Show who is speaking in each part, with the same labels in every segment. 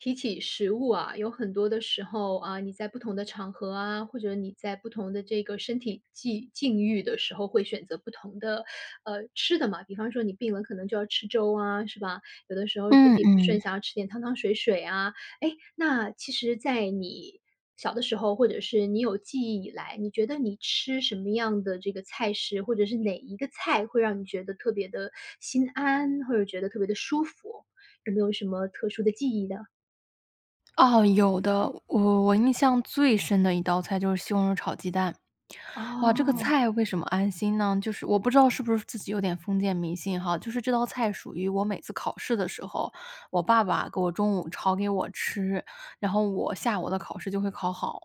Speaker 1: 提起食物啊，有很多的时候，啊，你在不同的场合啊，或者你在不同的这个身体际境遇的时候会选择不同的，呃，吃的嘛。比方说你病了，可能就要吃粥啊，是吧？有的时候身
Speaker 2: 嗯
Speaker 1: 体不
Speaker 2: 嗯。
Speaker 1: 顺，想要吃点汤汤水水啊。诶，那其实在你，小的时候，或者是你有记忆以来，你觉得你吃什么样的这个菜式，或者是哪一个菜会让你觉得特别地心安，或者觉得特别地舒服，有没有什么特殊的记忆呢？
Speaker 2: 哦，有的。我我印象最深的一道菜就是西红柿炒鸡蛋。哇，这个
Speaker 1: 哦。
Speaker 2: 菜为什么安心呢？就是我不知道是不是自己有点封建迷信哈，就是这道菜属于我每次考试的时候，我爸爸给我中午炒给我吃，然后我下午的考试就会考好。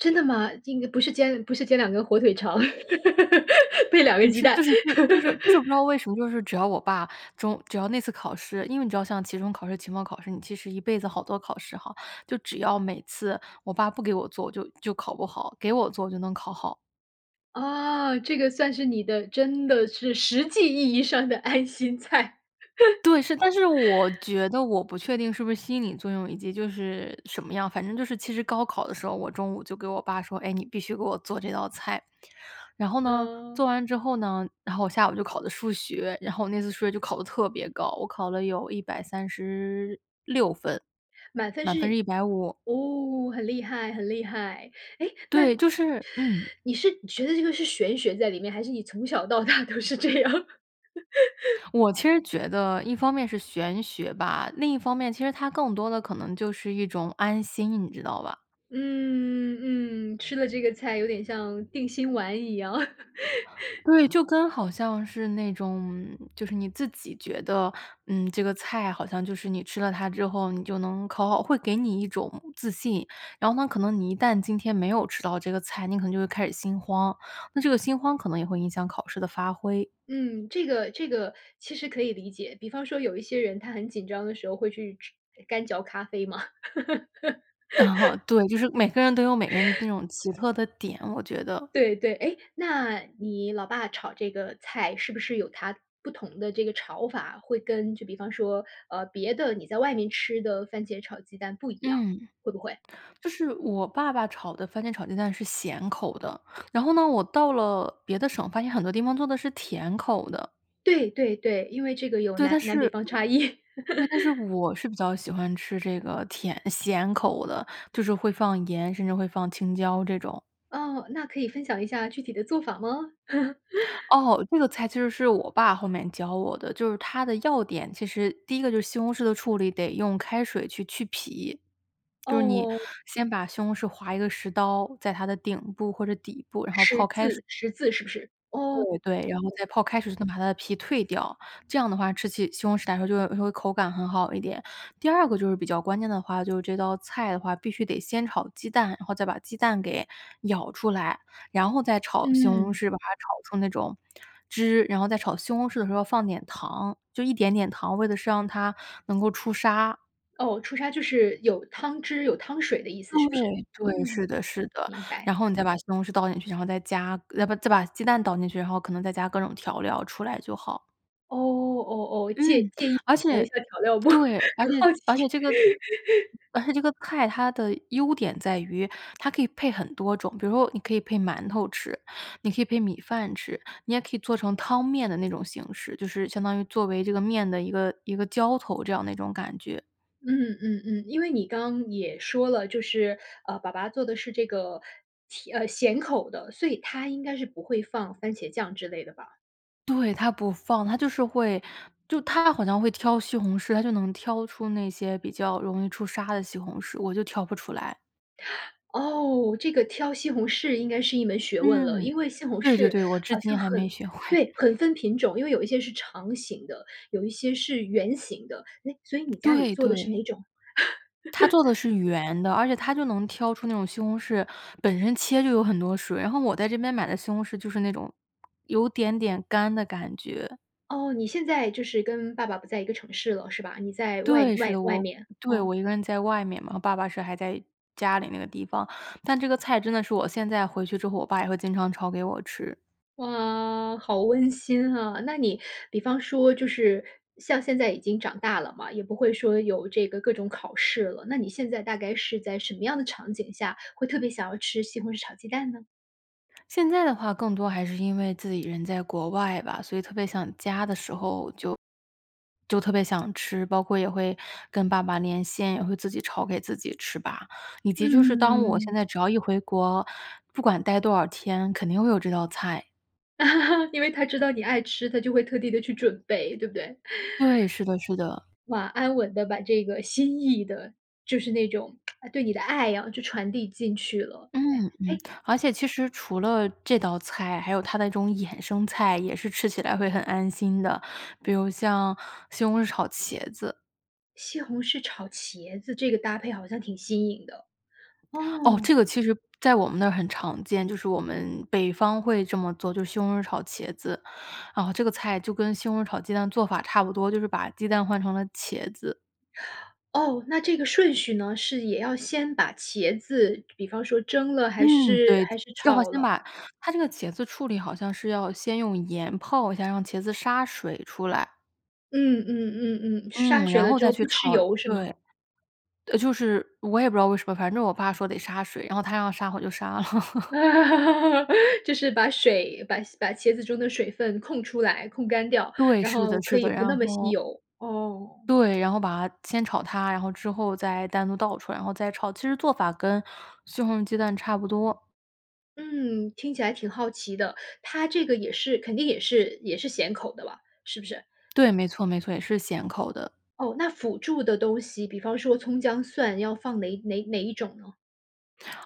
Speaker 1: 真的吗？这应该不是煎不是煎两个火腿肠，配两个
Speaker 2: 你
Speaker 1: 鸡
Speaker 2: 是
Speaker 1: 蛋。
Speaker 2: 就 是就是就是不知道为什么，就是只要我爸，中只要那次考试因为你知道像期中考试、期末考试，你其实一辈子好多考试哈，就只要每次我爸不给我做，我就就考不好，给我做我就能考好。
Speaker 1: 啊，这个算是你的真的是实际意义上的爱心菜。
Speaker 2: 对，是，但是我 觉得我不确定是不是心理作用，以及就是什么样，反正就是其实高考的时候，我中午就给我爸说：“哎，你必须给我做这道菜。”然后呢，
Speaker 1: 哦。
Speaker 2: 做完之后呢然后我下午就考的数学，然后我那次数学就考得特别高，我考了有136分，
Speaker 1: 满分
Speaker 2: 满分是
Speaker 1: 是？
Speaker 2: 150。
Speaker 1: 哦，很厉害很厉害。诶，那
Speaker 2: 对，就是嗯。
Speaker 1: 你是觉得这个是玄学在里面？还是你从小到大都是这样的？
Speaker 2: 我其实觉得一方面是玄学吧，另一方面其实它更多的可能就是一种安心，你知道吧？
Speaker 1: 嗯，嗯，吃了这个菜有点像定心丸一样。
Speaker 2: 对，就跟好像是那种嗯，就是你自己觉得，嗯，这个菜好像就是你吃了它之后你就能考好，会给你一种自信，然后呢，可能你一旦今天没有吃到这个菜，你可能就会开始心慌，那这个心慌可能也会影响考试的发挥。
Speaker 1: 嗯，这个这个其实可以理解，比方说有一些人他很紧张的时候会去去干嚼咖啡嘛。
Speaker 2: 嗯哼，对。就是每个人都有每个人那 种奇特的点，我觉得。
Speaker 1: 对，对，诶，那你老爸炒这个菜是不是有他不同的这个炒法？会跟就比方说，呃，别的，你在外面吃的番茄炒鸡蛋不一样，
Speaker 2: 嗯，
Speaker 1: 会不会？
Speaker 2: 就是我爸爸炒的番茄炒鸡蛋是咸口的。然后呢，我到了别的省，发现很多地方做的是甜口的。
Speaker 1: 对，对，对，因为这个有
Speaker 2: 对，但
Speaker 1: 南南
Speaker 2: 是
Speaker 1: 北方差异。
Speaker 2: 对，但是 我是比较喜欢吃这个甜咸口的，就是会放盐，甚至会放青椒这种。
Speaker 1: 哦，那可以分享一下具体的做法吗？
Speaker 2: 哦，这个菜其实是我爸后面教我的，就是它的要点其实第一个就是西红柿的处理，得用开水去去皮，就是你
Speaker 1: 哦。
Speaker 2: 先把西红柿划一个“十”刀，在它的顶部或者底部，然后
Speaker 1: “十”
Speaker 2: 泡开水。
Speaker 1: 字“十”字是不是？哦。
Speaker 2: 对，对，然后
Speaker 1: 哦。
Speaker 2: 再泡开水，再把它的皮蜕掉，这样的话吃起西红柿来说就会就会口感很好一点。第二个就是比较关键的话，就是这道菜的话，必须得先炒鸡蛋，然后再把鸡蛋给舀出来，然后再炒西红
Speaker 1: 嗯。
Speaker 2: 柿，把它炒出那种汁，然后再炒西红柿的时候放点糖，就一点点糖，为的是让它能够出沙。
Speaker 1: 哦，出沙就是有汤汁、有汤水的意思，是不是？
Speaker 2: 对，对，
Speaker 1: 嗯，
Speaker 2: 是的是的。
Speaker 1: 明白。
Speaker 2: 然后你再把西红柿倒进去，然后再加再把再把鸡蛋倒进去，然后可能再加各种调料出来就好。
Speaker 1: 哦，哦哦，介
Speaker 2: 嗯，
Speaker 1: 介意
Speaker 2: 而
Speaker 1: 分享一
Speaker 2: 且
Speaker 1: 下调料不？很
Speaker 2: 对。而且
Speaker 1: 好奇。
Speaker 2: 而且这个 而且这个菜，它的优点在于它可以配很多种。比如说你可以配馒头吃，你可以配米饭吃，你也可以做成汤面的那种形式。就是相当于作为这个面的一个一个浇头这样的一种感觉。
Speaker 1: 嗯，嗯嗯。因为你刚也说了，就是，呃，爸爸做的是这个甜呃，咸口的，所以他应该是不会放番茄酱之类的吧。
Speaker 2: 对，他不放。他就是会就他好像会挑西红柿。他就能挑出那些比较容易出沙的西红柿，我就挑不出来。
Speaker 1: 哦，这个挑西红柿应该是一门学问了。
Speaker 2: 嗯，
Speaker 1: 因为西红
Speaker 2: 对对
Speaker 1: 柿
Speaker 2: 对，我至
Speaker 1: 好像
Speaker 2: 今还没
Speaker 1: 很
Speaker 2: 学会。
Speaker 1: 对，很分品种。因为有一些是长形的，有一些是圆形的，诶，所以你家里
Speaker 2: 对，
Speaker 1: 做的是
Speaker 2: 对。
Speaker 1: 哪种？
Speaker 2: 他做的 是圆的，而且他就能挑出那种西红柿本身切就有很多水，然后我在这边买的西红柿就是那种有点点干的感觉。
Speaker 1: 哦，你现在就是跟爸爸不在一个城市了是吧？你在外
Speaker 2: 对，是
Speaker 1: 外
Speaker 2: 的，
Speaker 1: 外
Speaker 2: 我
Speaker 1: 面。
Speaker 2: 对，
Speaker 1: 哦。
Speaker 2: 我一个人在外面嘛，爸爸是还在家里那个地方。但这个菜真的是我现在回去之后，我爸也会经常炒给我吃。
Speaker 1: 哇，好温馨啊。那你比方说就是像现在已经长大了嘛，也不会说有这个各种考试了，那你现在大概是在什么样的场景下会特别想要吃西红柿炒鸡蛋呢？
Speaker 2: 现在的话更多还是因为自己人在国外吧，所以特别想家的时候就就特别想吃。包括也会跟爸爸连线，也会自己炒给自己吃吧，以
Speaker 1: 嗯
Speaker 2: 及就是当我
Speaker 1: 嗯嗯。
Speaker 2: 现在只要一回国，不管待多少天，肯定会有这道菜。
Speaker 1: 因为他知道你爱吃，他就会特地地去准备，对不对？
Speaker 2: 对，是的是 的。
Speaker 1: 哇，安稳的把这个心意的就是那种 对你的爱啊，就传递进去了，
Speaker 2: 嗯，嗯，
Speaker 1: 诶，诶
Speaker 2: 而且其实除了这道菜，还有它的这种衍生菜也是吃起来会很安心的，比如像西红柿炒茄子。
Speaker 1: 西红柿炒茄子这个搭配好像挺新颖的。
Speaker 2: 哦，
Speaker 1: 哦。
Speaker 2: 这个其实在我们那儿很常见，就是我们北方会这么做，就是西红柿炒茄子。然后这个菜就跟西红柿炒鸡蛋做法差不多，就是把鸡蛋换成了茄子。
Speaker 1: 哦，那这个顺序呢？是也要先把茄子比方说蒸了还
Speaker 2: 嗯，
Speaker 1: 是
Speaker 2: 对，
Speaker 1: 还是
Speaker 2: 最好
Speaker 1: 炒
Speaker 2: 先
Speaker 1: 了？
Speaker 2: 把它这个茄子处理，好像是要先用盐泡一下，让茄子杀水出来。
Speaker 1: 嗯嗯嗯嗯，杀
Speaker 2: 嗯，
Speaker 1: 水
Speaker 2: 然
Speaker 1: 了
Speaker 2: 后
Speaker 1: 之
Speaker 2: 再
Speaker 1: 后
Speaker 2: 去
Speaker 1: 不
Speaker 2: 炒。
Speaker 1: 吃油是吗？
Speaker 2: 对，就是我也不知道为什么，反正我爸说得杀水，然后他要杀我就杀了。
Speaker 1: 就是把水把把茄子中的水分控出来，控干掉，
Speaker 2: 对，
Speaker 1: 然
Speaker 2: 是的
Speaker 1: 后可
Speaker 2: 是
Speaker 1: 以
Speaker 2: 的。
Speaker 1: 不
Speaker 2: 然
Speaker 1: 那么吸
Speaker 2: 后
Speaker 1: 油。哦。
Speaker 2: 对，然后把先炒它，然后之后再单独倒出来，然后再炒，其实做法跟西红柿鸡蛋差不多。
Speaker 1: 嗯，听起来挺好奇的。他这个也是肯定也是也是咸口的吧，是不是？
Speaker 2: 对，没错没错，也是咸口的。
Speaker 1: 哦，那辅助的东西，比方说葱、姜、蒜，要放哪哪哪一种呢？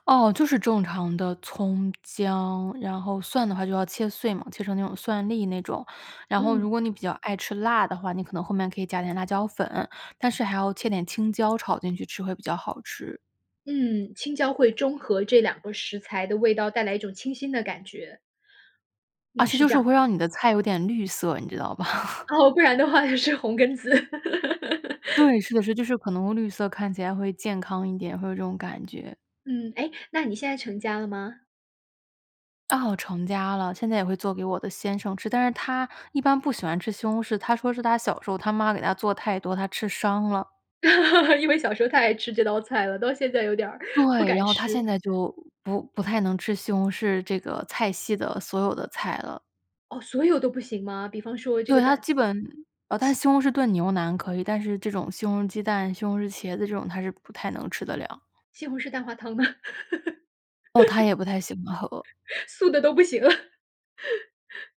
Speaker 2: 哦，就是正常的葱、姜，然后蒜的话就要切碎嘛，切成那种蒜粒那种。然后如
Speaker 1: 嗯。
Speaker 2: 果你比较爱吃辣的话，你可能后面可以加点辣椒粉，但是还要切点青椒炒进去吃，会比较好吃。
Speaker 1: 嗯，青椒会中和这两个食材的味道，带来一种清新的感觉。
Speaker 2: 而
Speaker 1: 嗯，
Speaker 2: 且
Speaker 1: 是
Speaker 2: 就
Speaker 1: 这
Speaker 2: 是
Speaker 1: 样。
Speaker 2: 会让你的菜有点绿色，你知道吧？
Speaker 1: 哦，不然的话也是红根子。
Speaker 2: 对，是的，是，就是可能绿色看起来会健康一点，会有这种感觉。
Speaker 1: 嗯，诶，那你现在成家了吗？
Speaker 2: 哦，成家了，现在也会做给我的先生吃。但是他一般不喜欢吃西红柿，他说是他小时候他妈给他做太多，他吃伤了。
Speaker 1: 因为小时候太爱吃这道菜了，到现在有点儿不
Speaker 2: 对，然
Speaker 1: 敢
Speaker 2: 后他现
Speaker 1: 吃。
Speaker 2: 在就，不不太能吃西红柿这个菜系的所有的菜了。
Speaker 1: 哦，所有都不行吗？比方说这
Speaker 2: 对，
Speaker 1: 个
Speaker 2: 他
Speaker 1: 蛋
Speaker 2: 基本呃，但是
Speaker 1: 西
Speaker 2: 西红柿炖牛腩可以，但是这种西红柿鸡蛋，西红柿茄子这种，他是不太能吃得了。
Speaker 1: 西红柿蛋花汤呢？
Speaker 2: 哦，他也不太喜欢喝。
Speaker 1: 素的都不行了。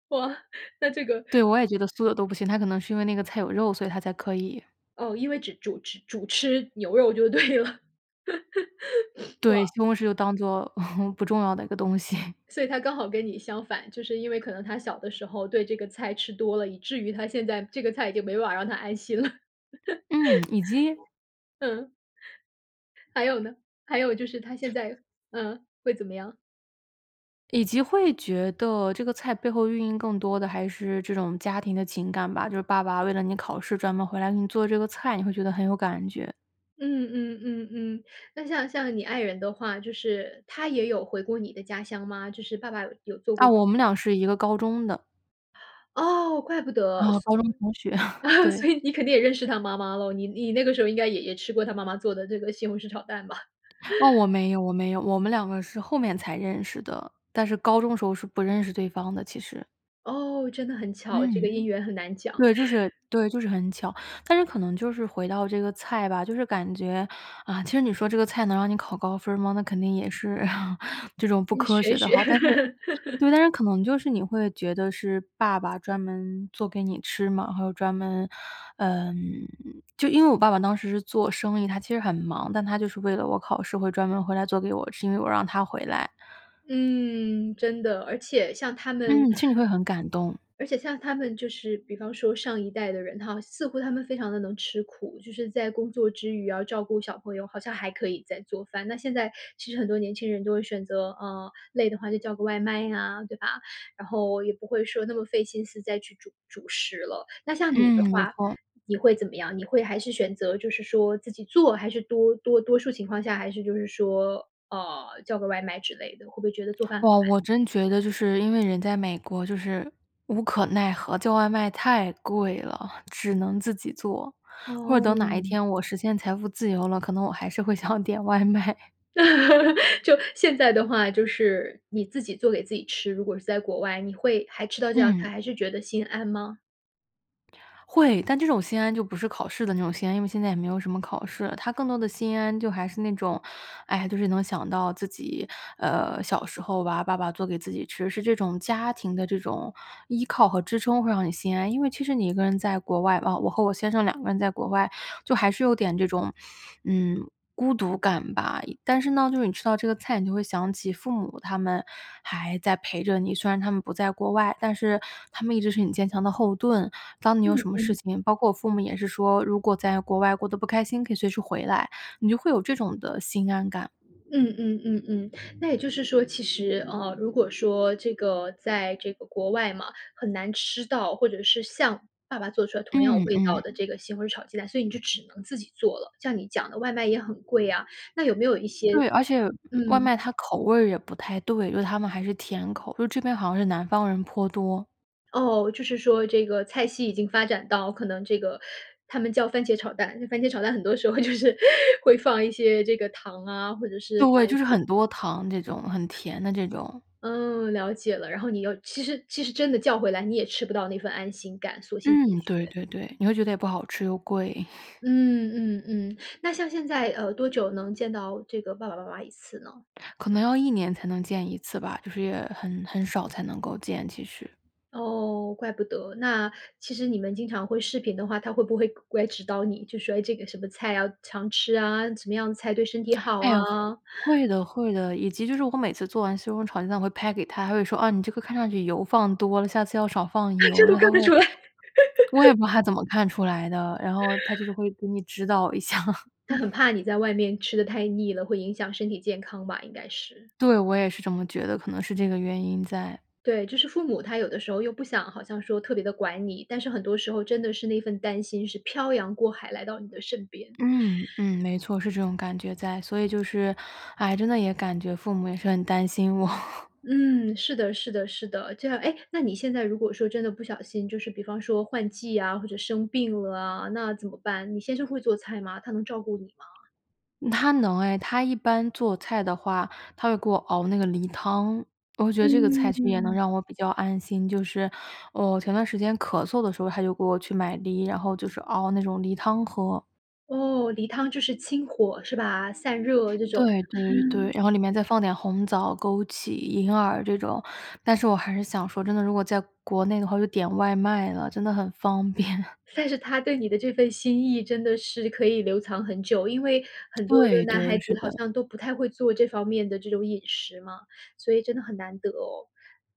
Speaker 1: 哇，那这个
Speaker 2: 对，我也觉得素的都不行。他可能是因为那个菜有肉，所以他才可以。
Speaker 1: 哦，因为只主吃主吃牛肉就对了。哇。
Speaker 2: 对，西红柿就当做 不重要的一个东西。
Speaker 1: 所以他刚好跟你相反，就是因为可能他小的时候对这个菜吃多了，以至于他现在这个菜已经没办法让他安心了。
Speaker 2: 嗯，以及
Speaker 1: 嗯。还有呢，还有就是他现在呃，会怎么样？
Speaker 2: 以及会觉得这个菜背后寓意更多的还是这种家庭的情感吧。就是爸爸为了你考试，专门回来给你做这个菜，你会觉得很有感觉。
Speaker 1: 嗯，嗯，嗯，嗯，那像像你爱人的话，就是他也有回过你的家乡吗？就是爸爸有有做
Speaker 2: 啊，
Speaker 1: 过
Speaker 2: 我们俩是一个高中的。
Speaker 1: 哦，怪不得，
Speaker 2: 啊，
Speaker 1: 所
Speaker 2: 高中同学，对。
Speaker 1: 所以你肯定也认识他妈妈喽，你你那个时候应该也也吃过他妈妈做的这个西红柿炒蛋吧。
Speaker 2: 哦，我 没有，我没有。我们两个是后面才认识的，但是高中时候是不认识对方的其实。
Speaker 1: 哦，真的很巧，这个
Speaker 2: 嗯，
Speaker 1: 姻缘很难讲。
Speaker 2: 对，就是对，就是很巧。但是可能就是回到这个菜吧，就是感觉，啊，其实你说这个菜能让你考高分儿吗？那肯定也是 这种不
Speaker 1: 你
Speaker 2: 科学
Speaker 1: 学
Speaker 2: 的
Speaker 1: 学。
Speaker 2: 哈，但是 对，但是可能就是你会觉得是爸爸专门做给你吃嘛，还有专门呃，就因为我爸爸当时是做生意，他其实很忙，但他就是为了我考试会专门回来做给我吃，因为我让他回来。
Speaker 1: 嗯，真的，而且像他们
Speaker 2: 嗯，心里会很感动。
Speaker 1: 而且像他们就是比方说上一代的人哈，似乎他们非常地能吃苦，就是在工作之余要照顾小朋友，好像还可以再做饭。那现在其实很多年轻人都会选择呃，累的话就叫个外卖呀，对吧？然后也不会说那么费心思再去煮主食了。那像你的
Speaker 2: 嗯，没
Speaker 1: 话，
Speaker 2: 错。
Speaker 1: 你会怎么样？你会还是选择就是说自己做还是多多多数情况下还是就是说，呃，叫个外卖之类的，会不会觉得做饭很
Speaker 2: 哇，
Speaker 1: 慢。
Speaker 2: 我真觉得，就是因为人在美国，就是无可奈何，叫外卖太贵了，只能自己做。或者等哪一
Speaker 1: 哦。
Speaker 2: 天我实现财富自由了，可能我还是会想点外卖。
Speaker 1: 就现在的话，就是你自己做给自己吃，如果是在国外，你会还吃到这道
Speaker 2: 嗯。
Speaker 1: 菜，还是觉得心安吗？
Speaker 2: 会，但这种心安就不是考试的那种心安，因为现在也没有什么考试了，它更多的心安就还是那种哎呀，就是能想到自己，呃，小时候吧，爸爸做给自己吃，是这种家庭的这种依靠和支撑会让你心安。因为其实你一个人在国外啊，我和我先生两个人在国外就还是有点这种，嗯，孤独感吧，但是呢，就是你吃到这个菜，你就会想起父母他们还在陪着你，虽然他们不在国外，但是他们一直是你坚强的后盾。当你有
Speaker 1: 嗯，
Speaker 2: 什么事
Speaker 1: 嗯。
Speaker 2: 情包括我父母也是说，如果在国外过得不开心，可以随时回来，你就会有这种的心安感。
Speaker 1: 嗯嗯嗯嗯，那也就是说，其实，呃，如果说这个在这个国外嘛，很难吃到，或者是像爸爸做出来同样
Speaker 2: 嗯，
Speaker 1: 味
Speaker 2: 嗯。
Speaker 1: 道的这个西红柿炒鸡蛋，所以你就只能自己做了，像你讲的外卖也很贵啊，那有没有一些
Speaker 2: 对，而且外
Speaker 1: 嗯。
Speaker 2: 卖它口味儿也不太对，因为它们还是甜口，就这边好像是南方人颇多。
Speaker 1: 哦，就是说这个菜系已经发展到可能这个他们叫番茄炒蛋番茄炒蛋很多时候就是 会放一些这个糖啊，或者是
Speaker 2: 对，
Speaker 1: 放一
Speaker 2: 就是
Speaker 1: 些
Speaker 2: 很多糖这种，很甜的这种。
Speaker 1: 嗯，了解了，然后你又其实其实真的叫回来，你也吃不到那份安心感，索性自己
Speaker 2: 嗯，
Speaker 1: 学。
Speaker 2: 对对对，你会觉得也不好吃，又贵。
Speaker 1: 嗯，嗯，嗯，那像现在，呃，多久能见到这个爸爸妈妈一次呢？
Speaker 2: 可能要1年才能见1次吧，就是也很很少才能够，其实。
Speaker 1: 哦，怪不得，那其实你们经常会视频的话，他会不会过来指导你，就说：“诶，这个什么菜啊，常吃啊。什么样的菜对身体好
Speaker 2: 哎，会
Speaker 1: 啊。“
Speaker 2: 会的会的，以及就是我每次做完西红柿炒鸡蛋会拍给他，他会说：“啊，你这个看上去油放多了，下次要少放
Speaker 1: 这
Speaker 2: 油。”因
Speaker 1: 都
Speaker 2: 为
Speaker 1: 看
Speaker 2: 他会
Speaker 1: 得出来。
Speaker 2: 我也不知道他怎么看出来的，然后他就是会给你指导一下。嗯。
Speaker 1: 他很怕你在外面吃得太腻了会影响身体健康吧，应该是。
Speaker 2: 对，我也是这么觉得，可能是这个原因在。
Speaker 1: 对，就是父母，他有的时候又不想好像说特别地管你，但是很多时候真的是那份担心是飘洋过海来到你的身边。
Speaker 2: 嗯，嗯，没错，是这种感觉在，所以就是哎，真的也感觉父母也是很担心我。
Speaker 1: 嗯，是的，是的，是的，这样诶，那你现在如果说真的不小心就是比方说换季啊或者生病了，那怎么办？你先生会做菜吗？他能照顾你吗？
Speaker 2: 他能哎，他一般做菜的话，他会给我熬那个梨汤，我觉得这个菜
Speaker 1: 嗯，
Speaker 2: 其实也能
Speaker 1: 嗯。
Speaker 2: 让我比较安心，就是我前段时间咳嗽的时候他就给我去买梨，然后就是熬那种梨汤喝。
Speaker 1: 哦，梨汤就是清火是吧？散热这种。
Speaker 2: 对，对，对，然后里面再放点红枣、枸杞、银耳这种。但是我还是想说真的，如果在国内的话，我就点外卖了，真的很方便。
Speaker 1: 算是他对你的这份心意真的是可以留藏很久，因为很多的
Speaker 2: 对，
Speaker 1: 男孩
Speaker 2: 对，是
Speaker 1: 子好
Speaker 2: 的。
Speaker 1: 像都不太会做这方面的这种饮食嘛，所以真的很难得哦。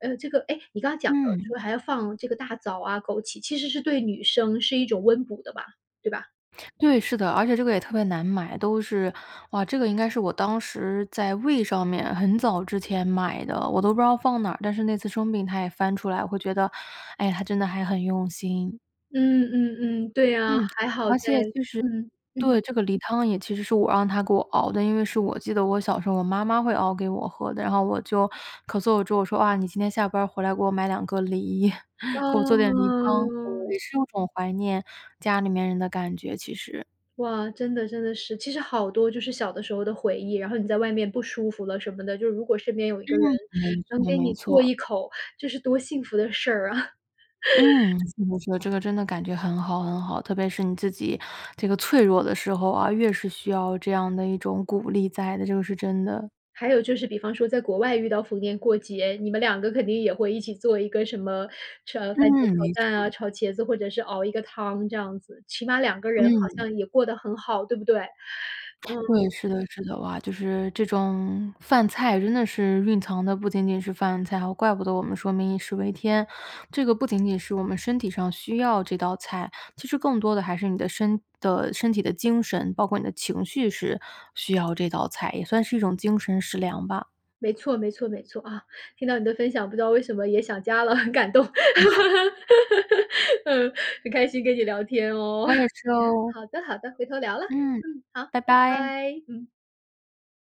Speaker 1: 呃，这个诶，你刚讲的
Speaker 2: 嗯。
Speaker 1: 说还要放这个大枣啊、枸杞，其实是对女生是一种温补的吧，对吧？
Speaker 2: 对，是的。而且这个也特别难买，都是哇，这个应该是我当时在 weee! 上面，很早之前买的，我都不知道放哪儿，但是那次生病他也翻出来，我会觉得，哎，他真的还很用心。
Speaker 1: 嗯，嗯嗯，对呀，
Speaker 2: 嗯，
Speaker 1: 还好
Speaker 2: 而
Speaker 1: 在
Speaker 2: 且就是
Speaker 1: 嗯，嗯。
Speaker 2: 对，这个梨汤也其实是我让他给我熬的。因为是我记得我小时候我妈妈会熬给我喝的，然后我就咳嗽之后，我说：“哇，你今天下班儿回来给我买两个梨，
Speaker 1: 哇
Speaker 2: 给我做点梨汤。”
Speaker 1: 哦。
Speaker 2: 也是有一种怀念家里面人的感觉，其实。
Speaker 1: 哇，真的真的是。其实好多就是小的时候的回忆，然后你在外面不舒服了什么的，就是如果身边有一
Speaker 2: 嗯，
Speaker 1: 个人
Speaker 2: 没
Speaker 1: 能
Speaker 2: 错
Speaker 1: 给
Speaker 2: 没
Speaker 1: 你做
Speaker 2: 错。
Speaker 1: 一口，这是多幸福的事儿啊。
Speaker 2: 嗯，这个真的感觉很好很好。特别是你自己这个脆弱的时候啊，越是需要这样的一种鼓励在的，这个是真的。
Speaker 1: 还有就是比方说在国外遇到逢年过节，你们两个肯定也会一起做一个什么炒番茄
Speaker 2: 嗯，没
Speaker 1: 炒蛋啊，
Speaker 2: 错。
Speaker 1: 炒茄子或者是熬一个汤这样子。起码两个人好
Speaker 2: 嗯。
Speaker 1: 像也过得很好，对不对？
Speaker 2: 对，
Speaker 1: 嗯。
Speaker 2: 是的是的，哇，就是这种饭菜真的是蕴藏的不仅仅是饭菜，还有怪不得我们说“民以食为天”。这个不仅仅是我们身体上需要这道菜，其实更多的还是你的身的身体的精神，包括你的情绪是需要这道菜，也算是一种精神食粮吧。
Speaker 1: 没错，没错，没错，啊，听到你的分享，不知道为什么也想家了，很感动。嗯，很开心跟你聊天哦。
Speaker 2: 我也 是哦。
Speaker 1: 好的，好的，回头聊了，
Speaker 2: 嗯，
Speaker 1: 嗯，好，
Speaker 2: 拜拜。
Speaker 1: 拜，嗯。